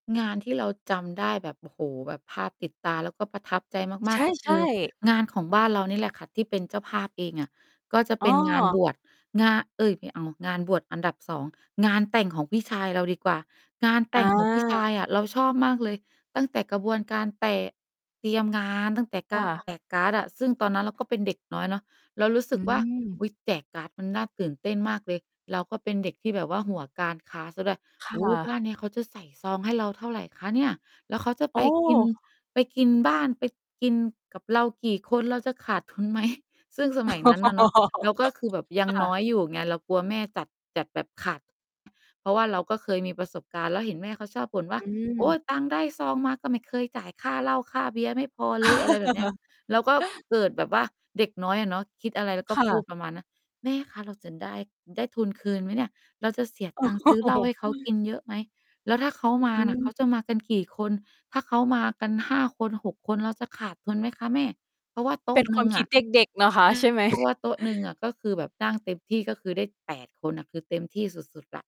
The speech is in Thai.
งานที่เราจำได้แบบ โอ้โฮ แบบภาพติดตา แล้วก็ประทับใจมใาชก ่ ๆ ก็คใชือ่ งานของบ้านเรานี่แหละค่ะ ที่เป็นเจ้าภาพเองอะ ก็จะเอป้็นงานอ บวช งาน เอ๊ย ไม่เอา งานบวชอันดับ 2 งานแต่งของพี่ชายเราดีกว่า งานแตอ่งของพี่ชา ายอะเราชอบมากเลย ตั้งแต่กระบวนการแตะ เตรียมงาน ตั้งแต่ กคา่ร ะ แจกการ์ดอะ ซึ่งตอนนั้นเราก็เป็นเด็กน้อยเนาะ เรารู้สอืึกว่า ม อุ๊ย แจกการ์ดมันน่าตื่นเต้นมากเลย เราก็เป็นเด็กที่แบบว่าหัวการค้าเสียด้วย ค"โ่อ้โฮ บะ ้านนี้เขาจะใส่ซองให้เราเท่าไรคะเนี่ย? แล้วเขาจะโอไปกิน ้! ไปกินบ้าน ไปกินกับเรากี่คน เราจะขาด ทุนไหม?" ซึ่งสมัยนั้นน่ะเนาะ เราก็คือแบบยัคง่น้ะ อยอยู่ไง เรากลัวแม่จัด จัดแบบขาด เพราะว่าเราก็เคยมีประสบการณ์ แล้วเห็นแม่เขาชอบบ่นว่อา ื"โอ๊ม ย ตังค์ได้ซองมาก็ไม่เคยจ่ายค่าเหล้า ค่าเบียร์ ไม่พอเลย" อะไรแบบเนี้ย แล้วก็เกิดแบบว่าเด็กน้อยอะเนาะ คิดอะไรแล้วกค็่พูดะ ประมาณนั้น "แม่คะ เราจะได้ ได้ทุนคืนไหมเนี่ย? เราจะเสียตังค์ซื้อเหล้าให้เขากินเยอะไหม? แล้วถ้าเขามาน่ะ เขาจะมากันกี่คน? ถ้าเขามากัน 5 คน 6 คน เราจะขาดทุนไหมคะแม่?" เพราะว่าโตเ๊ป็ะนคหนวึา่มงคอิดะ เใชด็ก ๆ นะคะ ใช่ไ่ หม? เพราะว่าโต๊ะหนึ่งอะ ก็คือแบบนั่งเต็มที่ ก็คือได้ 8 คนน่ะ คือเต็มที่สุด ๆ แล้ว